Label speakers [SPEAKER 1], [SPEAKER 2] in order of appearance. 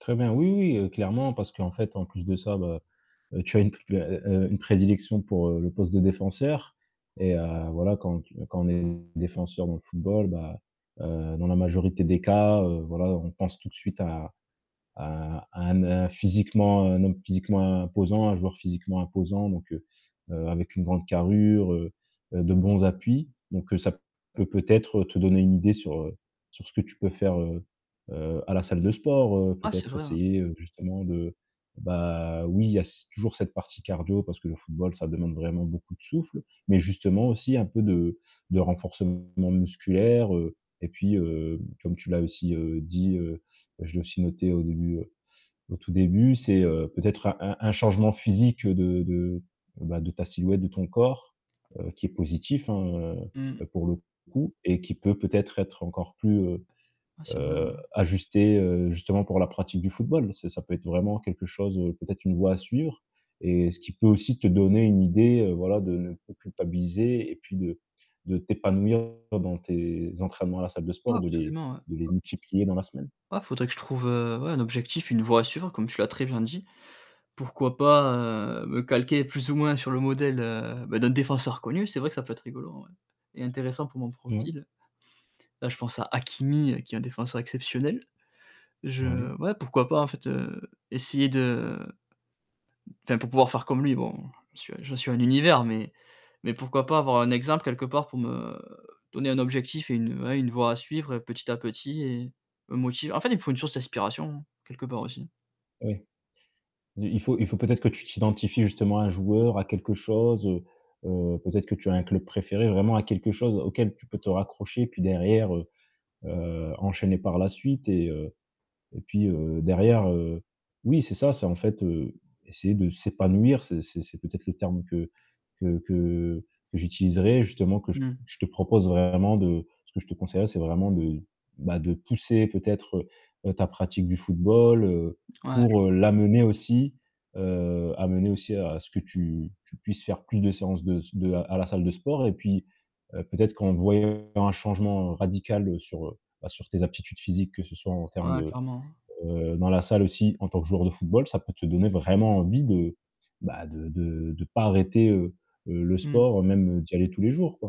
[SPEAKER 1] Très bien, oui, oui, heu, clairement, parce qu'en fait, en plus de ça, bah, heu, tu as une, heu, heu, heu, une prédilection pour le poste de défenseur et heu, voilà, quand tu quand on est défenseur dans le football, bah, heu, dans la majorité des cas, heu, voilà, on pense tout de suite à à à un n physiquement, un homme physiquement imposant. Un joueur physiquement imposant donc heu, heu, avec une grande carrure, heu, heu, de bons appuis donc heu, ça peut peut-être te donner une idée sur, heu, sur ce que tu peux faire, heu, heu, à la salle de sport, heu,
[SPEAKER 2] Ah, c'est
[SPEAKER 1] peut-être
[SPEAKER 2] vrai, hein.
[SPEAKER 1] essayer, heu, justement de bah, oui, il y a c toujours cette partie cardio parce que le football, ça demande vraiment beaucoup de souffle, mais justement aussi un peu de de renforcement musculaire, heu, et puis, heu, comme tu l'as aussi, heu, dit, heu, je l'ai aussi noté au début, heu, au tout début, c'est, heu, peut-être un un un changement physique de de, bah, de ta silhouette de ton corps, heu, qui est positif, hein,
[SPEAKER 2] Mmh.
[SPEAKER 1] heu, pour le coup et qui peut peut-être être encore plus, heu,
[SPEAKER 2] Ouais, c'est vrai
[SPEAKER 1] heu,
[SPEAKER 2] ouais.
[SPEAKER 1] ajusté, heu, justement pour la pratique du football. C'est ça peut être vraiment quelque chose, heu, peut-être une voie à suivre et ce qui peut aussi te donner une idée, heu, voilà, de ne plus culpabiliser et puis de de t'épanouir dans tes entraînements à la salle de
[SPEAKER 2] Ouais,
[SPEAKER 1] sport, de les
[SPEAKER 2] absolument, ouais.
[SPEAKER 1] de les multiplier dans la semaine.
[SPEAKER 2] Ouais, faudrait que je trouve, heu, ouais, un objectif, une voie à suivre comme tu l'as très bien dit. Pourquoi pas, heu, me calquer plus ou moins sur le modèle, heu, ben, d'un défenseur connu. C'est vrai que ça peut être rigolo en vrai, et intéressant pour mon
[SPEAKER 1] Mouais.
[SPEAKER 2] profil. Là, je pense à Hakimi qui est un défenseur exceptionnel. Je
[SPEAKER 1] Ouais.
[SPEAKER 2] ouais, pourquoi pas, en fait, heu, essayer de enfin pour pouvoir faire comme lui, bon, j'en suis à j'en suis à un univers mais mais pourquoi pas avoir un exemple quelque part pour me donner un objectif et une, ouais, une voie à suivre et petit à petit et me motiver. En fait, il me faut une source d'inspiration quelque part aussi.
[SPEAKER 1] Ouais. Il il faut il faut peut-être que tu t'identifies justement à un joueur, à quelque chose, heu, heu, peut-être que tu as un club préféré, vraiment à quelque chose auquel tu peux te raccrocher puis derrière, heu, heu, enchaîner par la suite et heu et puis, heu, derrière, heu oui, c'est ça, c'est, en fait, heu, essayer de s'épanouir. C'est c'est c'est peut-être le terme que que que que j'utiliserai justement que j
[SPEAKER 2] Mmh.
[SPEAKER 1] je te propose vraiment de ce que je te conseillerais, c'est vraiment de, bah, de pousser peut-être, heu, ta pratique du football, heu,
[SPEAKER 2] Ouais, je
[SPEAKER 1] pour, heu,
[SPEAKER 2] vois.
[SPEAKER 1] l'amener aussi, heu, amener aussi à ce que tu tu puisses faire plus de séances de s de à la salle de sport et puis, heu, peut-être qu'en voyant un changement radical sur, heu, bah, sur tes aptitudes physiques, que ce soit en termes
[SPEAKER 2] Ouais,
[SPEAKER 1] de,
[SPEAKER 2] clairement, hein.
[SPEAKER 1] heu, dans la salle aussi en tant que joueur de football. Ça peut te donner vraiment envie de, bah, de de de pas arrêter, heu, heu, le
[SPEAKER 2] Mmh.
[SPEAKER 1] sport, même d'y aller tous les jours, quoi.